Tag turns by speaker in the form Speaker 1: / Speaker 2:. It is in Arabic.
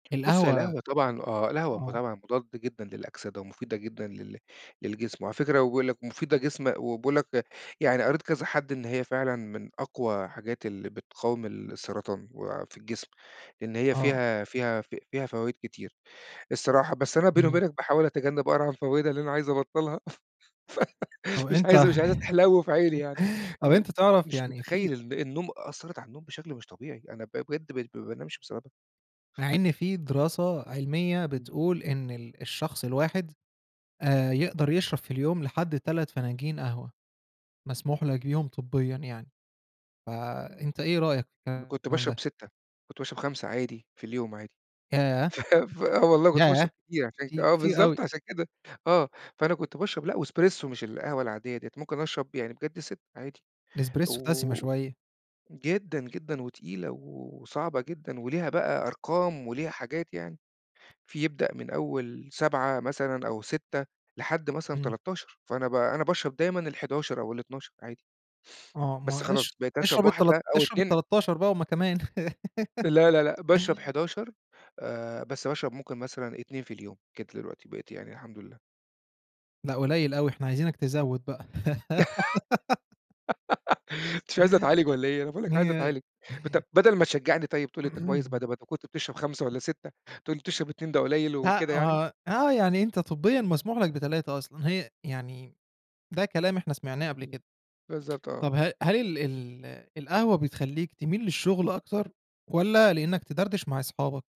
Speaker 1: بُص هي
Speaker 2: القهوة
Speaker 1: القهوة طبعًا آه، القهوة
Speaker 2: آه.
Speaker 1: طبعًا مضادة جدًا للأكسدة ومفيدة جدًا لل للجسم، وعلى فكرة بيقول لَك مفيدة جسم وبيقول لَك، يعني قريت كذا حد إن هي فعلًا من أقوى حاجات اللي بتقاوم السرطان وفي الجسم، لإن هي
Speaker 2: آه.
Speaker 1: فيها فيها ف فيها فوايد كتير الصراحة. بس أنا بيني
Speaker 2: إمم.
Speaker 1: وبينَك باحاول أتجنّب أقرا عن فوايدها لإن أنا عايز أبطّلها،
Speaker 2: طب
Speaker 1: فمش
Speaker 2: أنت
Speaker 1: عايزها مش عايزها تحلو في عيني يعني،
Speaker 2: طب
Speaker 1: إن
Speaker 2: أنت تعرف
Speaker 1: مش
Speaker 2: يعني
Speaker 1: متخيّل
Speaker 2: في
Speaker 1: الن النوم، أثّرت علي النوم بشكل مش طبيعي، أنا ب بجد بقيت بش ما بانامش بسببها.
Speaker 2: مع إن في دراسة علمية
Speaker 1: إمم.
Speaker 2: بتقول إن ال الشخص الواحد، آآ يقدر يشرب في اليوم لحد 3 فناجين قهوة، مسموح لَك بيهُم طبيًا يعني،
Speaker 1: امم.
Speaker 2: فأنت إيه رأيك في
Speaker 1: أنا كنت
Speaker 2: الكلام ده؟
Speaker 1: باشرب 6، كنت باشرب 5 عادي في اليوم عادي،
Speaker 2: ياه!
Speaker 1: ف ف آه والله كنت
Speaker 2: ياه!
Speaker 1: باشرب كتير عشان
Speaker 2: كتي
Speaker 1: آه
Speaker 2: كتير أوي!
Speaker 1: بالضبط عشان كده، آه، فأنا كنت باشرب لأ وإسبريسو مش القهوة العادية ديّة، ممكن أشرب يعني بجد 6 عادي،
Speaker 2: الإسبريسو دسِمة
Speaker 1: و
Speaker 2: شوية.
Speaker 1: جدًا، جدًا وتقيلة و وصعبة جدًا، وليها بقى أرقام وليها حاجات يعني، في يبدأ من أول 7 مثلًا أو 6، لحد مثلًا
Speaker 2: إمم.
Speaker 1: 13، فأنا ب أنا باشرب دايمًا ال11 أو ال12 عادي.
Speaker 2: آه،
Speaker 1: بس
Speaker 2: ما
Speaker 1: خلاص،
Speaker 2: اش
Speaker 1: بقيت أشرب
Speaker 2: اشرب
Speaker 1: واحدة
Speaker 2: التلات
Speaker 1: أو
Speaker 2: اشرب
Speaker 1: 2
Speaker 2: ال13 بقى هُم كمان.
Speaker 1: لا، لا، لأ، باشرب 11، آآ، بس باشرب ممكن مثلًا 2 في اليوم، كده دلوقتي بقيت يعني الحمد لله.
Speaker 2: لا قليّل أوي، إحنا عايزينَك تزوّد بقى.
Speaker 1: أنت مش عايزني اتعالج والّا إيه! أنا باقول لَك عايز
Speaker 2: هي
Speaker 1: اتعالج، بت بدَل ما تشجّعني طيب، تقول لي أنت كويس، بعد ما أنت كنت بتشرب 5 والّا 6، تقول لي تشرب 2 ده قليل
Speaker 2: لأ
Speaker 1: وكده يعني.
Speaker 2: ما هو آه، يعني أنت طبيًا مسموح لك ب3 أصلًا، هي يعني ده كلام إحنا سمعناه قبل
Speaker 1: إمم،
Speaker 2: كده.
Speaker 1: بالضبط
Speaker 2: طب
Speaker 1: آه.
Speaker 2: ه هل ال ال القهوة بتخلّيك تميل للشغل أكتر، والّا لإنَّك تدردش مع اصحابك؟